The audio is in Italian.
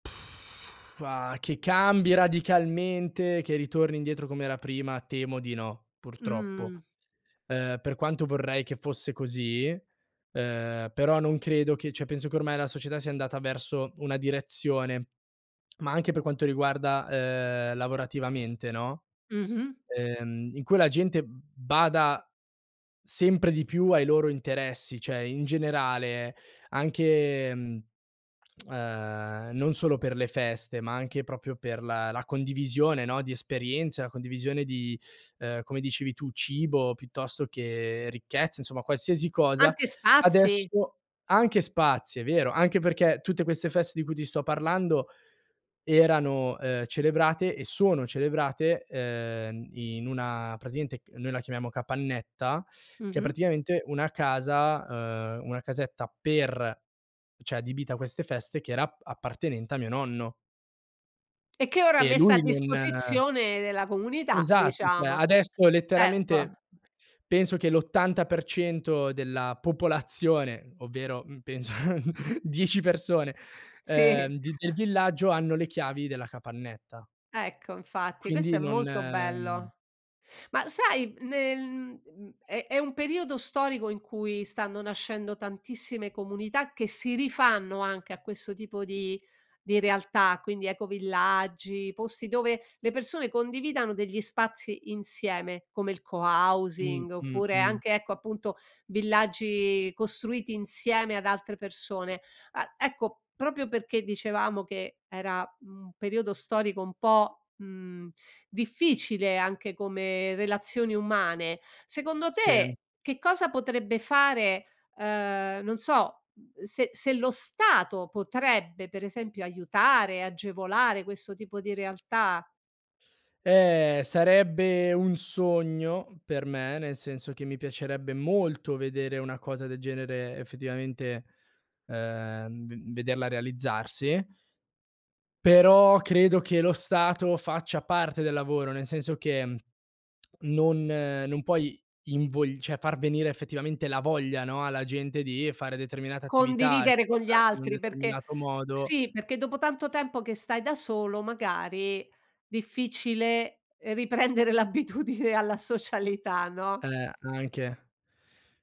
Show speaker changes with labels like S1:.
S1: Ah, che cambi radicalmente, che ritorni indietro com'era prima temo di no, purtroppo.
S2: Mh-mh.
S1: Ehm, per quanto vorrei che fosse così, ehm, però non credo che cioè penso che ormai la società sia andata verso una direzione. Ma anche per quanto riguarda, ehm, lavorativamente, no,
S2: Mh-mh.
S1: ehm, in cui la gente, mhmm, bada sempre di più ai loro interessi. Cioè in generale anche, mhmm, ehm, non solo per le feste, ma anche proprio per la la condivisione, no, di esperienze, la condivisione di, uhm, come dicevi tu cibo piuttosto che ricchezza, insomma qualsiasi cosa;
S2: Anche spazi.
S1: adesso anche spazi, è vero, anche perché tutte queste feste di cui ti sto parlando erano, ehm, celebrate e sono celebrate, uhm, in una praticamente noi la chiamiamo capannetta, che è
S2: Mh-mh.
S1: praticamente una casa, uhm, una casetta per cioè adibita a queste feste che era ap appartenente a mio nonno.
S2: E che ora è
S1: E
S2: messa a
S1: lui non
S2: disposizione della comunità,
S1: Esatto, cioè
S2: diciamo.
S1: adesso
S2: Certo.
S1: letteralmente penso che l'80% della popolazione, ovvero, mhmm, penso 10 persone,
S2: Sì.
S1: ehm, di del villaggio hanno le chiavi della capannetta.
S2: Ecco, infatti, questo è
S1: Quindi non
S2: molto
S1: ehm
S2: bello. Ma sai, nel m uhm, è è un periodo storico in cui stanno nascendo tantissime comunità, che si rifanno anche a questo tipo di di realtà, quindi ecovillaggi, posti dove le persone condividano degli spazi insieme, come il
S1: Mh,
S2: cohousing
S1: mh,
S2: oppure
S1: mh.
S2: anche ecco, appunto, villaggi costruiti insieme ad altre persone. A ecco proprio perché dicevamo che era un periodo storico un po', mhmm, difficile anche come relazioni umane, secondo
S1: Sì.
S2: te che cosa potrebbe fare ehm, non so, mhmm, se se lo Stato potrebbe per esempio aiutare, agevolare questo tipo di realtà.
S1: Eh, sarebbe un sogno per me, nel senso che mi piacerebbe molto vedere una cosa del genere effettivamente, ehm, v vederla realizzarsi però credo che lo stato faccia parte del lavoro, nel senso che non non puoi invogl cioè far venire effettivamente la voglia, no, alla gente di fare determinate attività e
S2: Condividere con gli
S1: comportarsi in un
S2: altri, perché
S1: determinato modo
S2: sì, perché dopo tanto tempo che stai da solo magari difficile riprendere l'abitudine alla socialità, no?
S1: Eh, anche.